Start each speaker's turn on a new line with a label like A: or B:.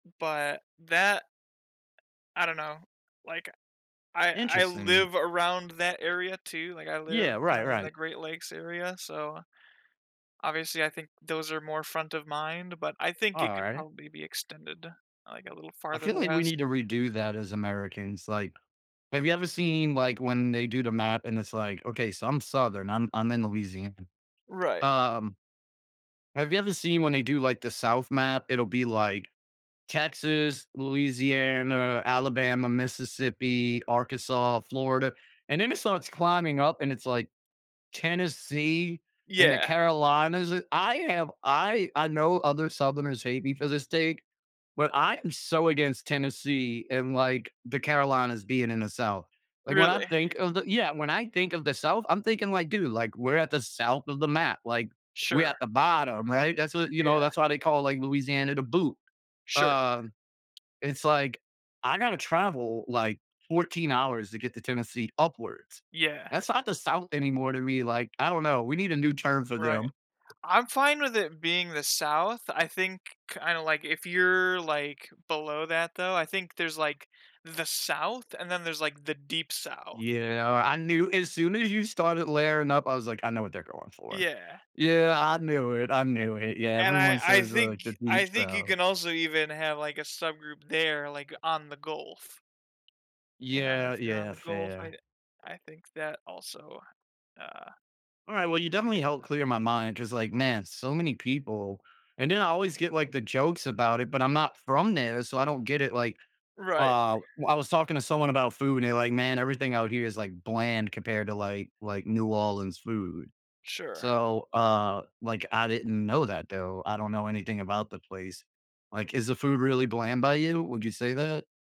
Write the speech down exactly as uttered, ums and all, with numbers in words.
A: But, that I don't know, like, I I
B: Interesting.
A: live around that area too. Like, I
B: Yeah.
A: live,
B: Right,
A: kinda, in the
B: right.
A: Great Lakes area, so, obviously I think those are more front of mind, but I think it could
B: Alright.
A: probably be extended, like, a little
B: I
A: farther
B: feel like we
A: west.
B: need to redo that as Americans. Like, have you ever seen, like, when they do the map and it's like okay, so I'm Southern, I'm I'm in Louisiana.
A: Right.
B: Um have you ever seen when they do, like, the South map? It'll be like, Texas, Louisiana, Alabama, Mississippi, Arkansas, Florida, and then it starts climbing up, and it's like, Tennessee and the
A: Yeah.
B: Carolinas. I have I I know other Southerners hate me for this take, but I am so against Tennessee and, like, the Carolinas being in the South. Like, when I
A: Really?
B: think of the yeah, when I think of the South, I'm thinking like, "Dude, like, we're at the south of the map. Like, we're
A: Sure.
B: at the bottom, right?" That's what you
A: Yeah.
B: know, that's why they call, like, Louisiana, "The Boot".
A: Sure.
B: Uh, it's like, I gotta travel like fouteen hours to get to Tennessee upwards.
A: Yeah.
B: That's not the South anymore to me. Like, I don't know. We need a new term for
A: Right.
B: them.
A: I'm fine with it being the South. I think, kinda, like, if you're, like, below that though, I think there's, like, the South and then there's the Deep South.
B: Yeah. I knew, as soon as you started layering up, I was like, I know what they're going for.
A: Yeah.
B: Yeah, I knew it, I
A: A
B: knew it. Yeah,
A: a and I
B: everyone
A: I
B: says,
A: think
B: like, the
A: I
B: Deep
A: think you
B: South
A: can also, even, have, like, a subgroup there, like, on The Gulf. You know,
B: Yeah,
A: if you're on
B: yeah,
A: The Gulf,
B: fair.
A: think that, also, uh
B: Alright. Well, you
A: Yeah.
B: definitely helped clear my mind ‘cause, like, man, so many people and then I always get, like, the jokes about it, but I'm not from there, so I don't get it. Like,
A: Right.
B: uh, w I was talking to someone about food, they're like, "Man, everything out here is, like, bland compared to, like like, New Orleans food."
A: Sure.
B: So, uh, like, I didn't know that, though, I don't know anything about the place. Like, is the food really bland by you? Would you say that?